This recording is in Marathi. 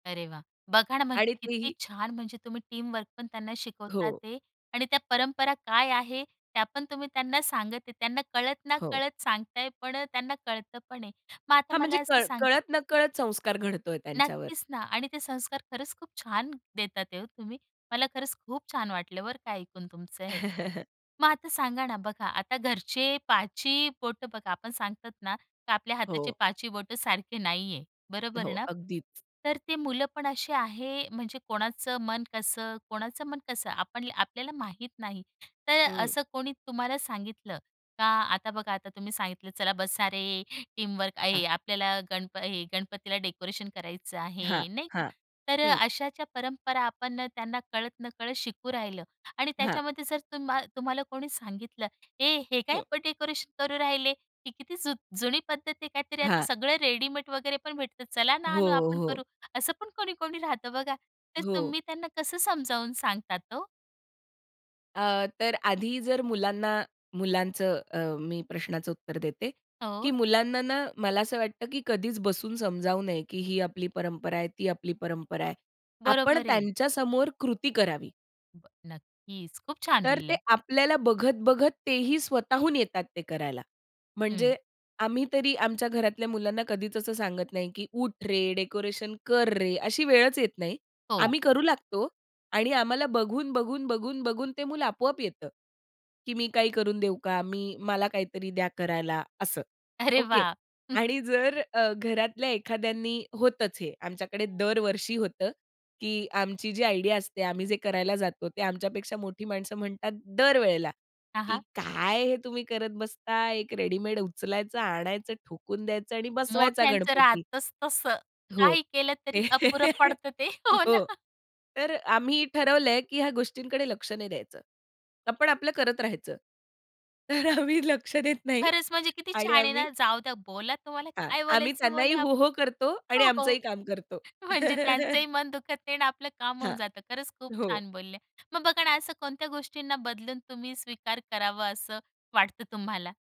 अरे वाह! बघा ना, म्हणजे आणि किती तेही छान म्हणजे तुम्ही टीमवर्कपण त्यांना शिकवतात हो. आहे ते आणि त्या परंपरा काय आहे त्यापण तुम्ही त्यांना सांगत आहे त्यांना कळत ना हो. कळत सांगताय, पण अ, त्यांना कळतं पण आहे. मग आता हां, म्हणजे मला असं कळ सांगा कळत-नकळत संस्कार घडतोय त्यांच्यावर. नक्कीच ना, आणि ते संस्कार खरंच खूप छान देत आहेत हो तुम्ही. मला खरंच खूप छान वाटलं बरं का, ऐकून तुमचं हे. मग आता सांगा ना बघा, आता घरचे पाच ही बोटं बघा, आपण सांगतात ना, आपल्या हाताचे हो. पाच ही बोटं सारखे नाहीये, बरोबर हो, ना? अगदीच. तर ती मुलं पण अशी आहे म्हणजे कोणाचं मन कसं कोणाचं मन कसं? आपण आपल्याला माहीत नाही तर अ, हं. असं कोणी तुम्हाला सांगितलं का, आता बघा, आता तुम्ही सांगितलं, "चला बसा रे टीमवर्क हां. आहे आपल्याला गणप हे गणपतीला डेकोरेशन करायचं हां, आहे" नाही का? हां. तर अ, हं. अशाच्या परंपरा आपण त्यांना कळत-नकळत शिकवू राहिलो आणि हां. त्याच्यामध्ये जर तुम्हा तुम्हाला कोणी सांगितलं, "ए, हे काय हं. डेकोरेशन करू राहिले, की किती जु जुनी पद्धत आहे. काहीतरी आता हां. सगळं रेडीमेड वगैरे पण भेटत, चला ना हो, आणू आपण हो. करू." असं पण कोणी-कोणी राहतं बघा, तर हो. तुम्ही त्यांना कसं समजावून सांगतात हो? अ, तर आधी जर मुलांना मुलांचं अ, मी प्रश्नाचं उत्तर देते, हो. की मुलांना ना मला असं वाटतं, की कधीच बसून समजावू नये, की ही आपली परंपरा आहे. ती आपली परंपरा आहे. आपण बरोबर आहे. त्यांच्यासमोर कृती करावी. [unintelligible] नक्कीच. खूप छान तर ते बोलल्या. आपल्याला बघत-बघत, तेही स्वतःहून येतात ते करायला. हं. म्हणजे आम्ही तरी आमच्या घरातल्या मुलांना कधीच असं सांगत नाही, की "उठ रे, डेकोरेशन कर रे". अशी वेळच येत नाही. हो. आम्ही करू लागतो, आणि आम्हाला बघून-बघून बघून-बघून ते मुलं आपोआप येतं की "मी काही करून देऊ का?" मी, मला काहीतरी द्या करायला, असं. अरे ओके. वाह! आणि जर अ, घरातल्या एखाद्यांनी होतच हे आमच्याकडे दरवर्षी होतं, की आमची जी आयडिया असते, आम्ही जे करायला जातो, ते आमच्यापेक्षा मोठी माणसं म्हणतात दर वेळेला, हां, "की हां. काय हे तुम्ही करत बसता? एक रेडीमेड उचलायचं, आणायचं ठोकून द्यायचं, आणि बसवायचा मोठ्यांचं गणपती." राहतचं तसं, हो. काही केलं तरी अपुरं पडतं ते. हो हो. ना. तर अ, आम्ही ठरवलंय, की ह्या गोष्टींकडे लक्ष नाही द्यायचं. आपण आपलं करत राहायचं. तर आम्ही लक्ष देत नाही खरंच, म्हणजे किती आणि छान आहे आम्ही ना, जाऊ द्या बोला तुम्हाला हां, काय आम्ही बोलायचं ते त्यांनाही बोला हो, हो. करतो, आणि हो, हो. आमचंही काम करतो. म्हणजे त्यांचंही मन दुखत नाही आणि आपलं काम होऊन हां, जातं खरंच, खूप हो. छान बोलले. मग बघा ना, असं कोणत्या गोष्टींना बदलून तुम्ही स्वीकार करावं, असं वाटतं तुम्हाला?